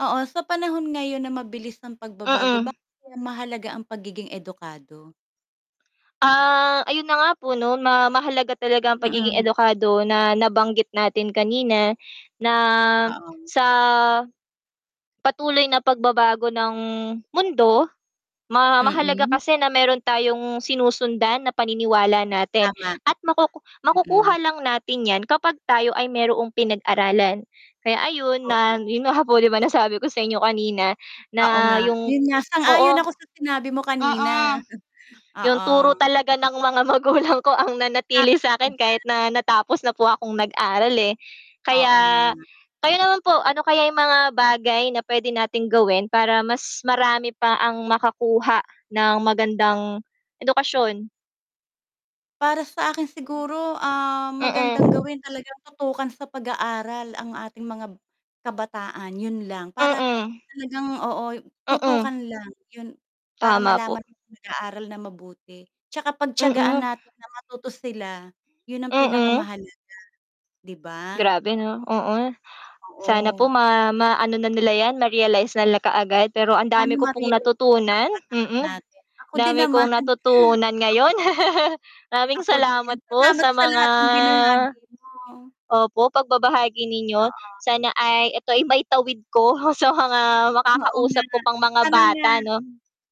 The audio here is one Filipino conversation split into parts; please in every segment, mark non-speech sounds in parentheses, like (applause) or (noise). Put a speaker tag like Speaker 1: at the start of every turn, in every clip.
Speaker 1: Oo, sa panahon ngayon na mabilis ang pagbabago
Speaker 2: Mm.
Speaker 1: bakit kaya mahalaga ang pagiging edukado?
Speaker 2: Ah, ayun na nga po 'no, na mahalaga talaga ang pagiging
Speaker 1: Mm.
Speaker 2: edukado na nabanggit natin kanina, na,
Speaker 1: Oo'ng.
Speaker 2: sa, patuloy na pagbabago ng mundo, ma mahalaga
Speaker 1: Mm.
Speaker 2: kasi na meron tayong sinusundan na paniniwala natin
Speaker 1: Tama.
Speaker 2: at makuku
Speaker 1: Mm.
Speaker 2: makukuha lang natin 'yan kapag tayo ay mayroong pinag-aralan. Kaya ayun, na
Speaker 1: Oo.
Speaker 2: yun nga po, di ba nasabi ko sa inyo kanina,
Speaker 1: Oo
Speaker 2: na
Speaker 1: nga,
Speaker 2: 'yung
Speaker 1: 'yun nga,
Speaker 2: oo.
Speaker 1: sang-ayon ako sa sinabi mo kanina.
Speaker 2: Mm, 'yun
Speaker 1: Oo.
Speaker 2: turo talaga ng mga magulang ko ang
Speaker 1: Tama
Speaker 2: nanatili
Speaker 1: ka
Speaker 2: sa'kin
Speaker 1: diyan.
Speaker 2: kahit na natapos na po akong nag-aral, eh.
Speaker 1: Oo nga.
Speaker 2: Kaya, kayo naman po, ano kaya 'yung mga bagay na puwede nating gawin para mas marami pa ang makakuha ng magandang edukasyon?
Speaker 1: Para sa'kin siguro, ah,
Speaker 2: Sana,
Speaker 1: magandang
Speaker 2: mm.
Speaker 1: gawin talagang tutukan sa pag-aaral ang ating mga kabataan 'yun lang. Para,
Speaker 2: Mm.
Speaker 1: talagang oo, tutukan
Speaker 2: Mm.
Speaker 1: lang yun para
Speaker 2: Tama po.
Speaker 1: malaman kung nag-aaral na mabuti, tsaka pagtiyagaan
Speaker 2: Mm.
Speaker 1: natin na matuto sila, 'yun ang
Speaker 2: Mm.
Speaker 1: pinakamahalaga Di ba?
Speaker 2: Grabe 'no, oo. Sana po
Speaker 1: Oo.
Speaker 2: ma maano na nila 'yan, ma-realize na nila kaagad, pero ang
Speaker 1: Paano
Speaker 2: dami ko pong
Speaker 1: ma-realize nung mga
Speaker 2: natutunan
Speaker 1: kabataan
Speaker 2: mm,
Speaker 1: natin, ako din
Speaker 2: dami
Speaker 1: naman.
Speaker 2: kong natutunan ngayon. (laughs)
Speaker 1: Oo.
Speaker 2: Maraming
Speaker 1: Ako din,
Speaker 2: salamat po
Speaker 1: salamat
Speaker 2: sa
Speaker 1: sa
Speaker 2: mga
Speaker 1: lahat ng binahagi mo.
Speaker 2: opo, pagbabahagi ninyo,
Speaker 1: Oo.
Speaker 2: sana ay eto ay maitawid ko sa mga
Speaker 1: Oo nga.
Speaker 2: makakausap ko pang mga
Speaker 1: Sana nga.
Speaker 2: bata 'no?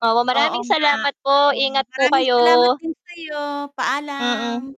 Speaker 2: Opo,
Speaker 1: Oo
Speaker 2: maraming
Speaker 1: nga.
Speaker 2: salamat po,
Speaker 1: Oo,
Speaker 2: ingat po
Speaker 1: maraming salamat
Speaker 2: kayo.
Speaker 1: din sa'yo, paalam.
Speaker 2: Mm.